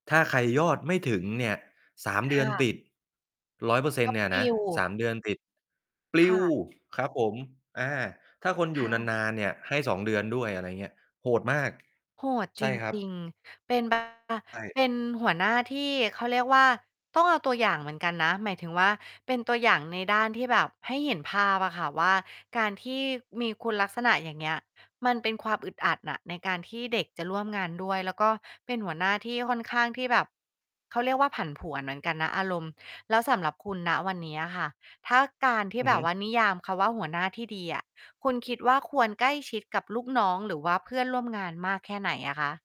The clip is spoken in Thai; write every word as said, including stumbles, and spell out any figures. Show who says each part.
Speaker 1: ถ้าใครยอดไม่ถึงเนี่ย สาม
Speaker 2: ค
Speaker 1: เดือ
Speaker 2: ่
Speaker 1: น
Speaker 2: ะ
Speaker 1: ติด ร้อยเปอร์เซ็
Speaker 2: ก
Speaker 1: น
Speaker 2: ็
Speaker 1: ต์ เนี่ย
Speaker 2: ปล
Speaker 1: นะ
Speaker 2: ิว
Speaker 1: สาม เดือนติด ปล
Speaker 2: ค
Speaker 1: ิ
Speaker 2: ่
Speaker 1: ว
Speaker 2: ะ
Speaker 1: ครับผม อา ถ้าคนอ
Speaker 2: ค
Speaker 1: ยู
Speaker 2: ่
Speaker 1: ่
Speaker 2: ะ
Speaker 1: นาน ๆ เนี่ยให้ สอง เดือนด้วย อะไรเงี้ย โหดมาก
Speaker 2: โหด
Speaker 1: ใ
Speaker 2: จ
Speaker 1: ช
Speaker 2: ริ
Speaker 1: ่
Speaker 2: ง
Speaker 1: ครั
Speaker 2: จร
Speaker 1: บ
Speaker 2: ิง เป็น บา
Speaker 1: ใช่
Speaker 2: เป็นหัวหน้าที่ เขาเรียกว่า ต้องเอาตัวอย่างเหมือนกันนะ หมายถึงว่า เป็นตัวอย่างในด้านที่แบบให้เห็นภาพอะค่ะว่า การที่มีคุณลักษณะ อย่างเงี้ย มันเป็นความอึดอัดอะในการที่เด็กจะร่วมงานด้วย แล้วก็เป็นหัวหน้าที่ค่อนข้างที่แบบ เขาเรียกว่า ผันผวนเหมือนกันนะ อารมณ์ แล้วสำหรับคุณ ณ วันนี้อะค่ะ ถ้าการที
Speaker 1: อ
Speaker 2: ่
Speaker 1: ือ
Speaker 2: แบ
Speaker 1: ฮึ
Speaker 2: บว่านิยามคำว่า หัวหน้าที่ดีอะ คุณคิดว่า ควรใกล้ชิดกับลูกน้องหรือว่าเพื่อนร่วมงาน มากแค่ไหนอะคะ?